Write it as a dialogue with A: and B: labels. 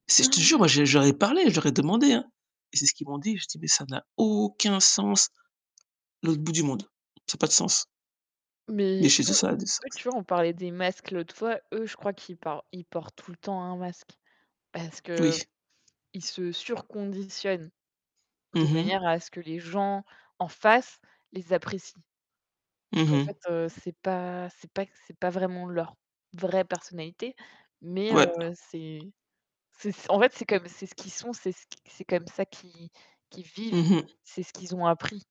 A: Si je te jure, moi j'ai j'aurais parlé, j'aurais demandé, hein et c'est ce qu'ils m'ont dit. Je dis: «Mais ça n'a aucun sens». L'autre bout du monde. Ça a pas de sens. Mais
B: Mais,
A: chez eux, ça
B: eux
A: a du
B: eux
A: sens.
B: tu vois on parlais des masques l'autre fois. Eux, je crois qu'ils parlent ils portent tout le temps un masque. Parce qu'ils
A: Oui.
B: se sur-conditionnent, de
A: Mmh mh.
B: manière à ce que les gens en face les apprécient. Donc
A: Mmh
B: en fait,
A: mh.
B: heu, c'est pas c'est pas que c'est pas vraiment leur vraie personnalité, mais
A: Ouais.
B: heu, c'est c'est en fait, c'est comme c'est ce qu'ils sont, c'est ce qu c'est comme ça qu'ils qu'ils vivent.
A: Mmh mh.
B: C'est ce qu'ils ont appris.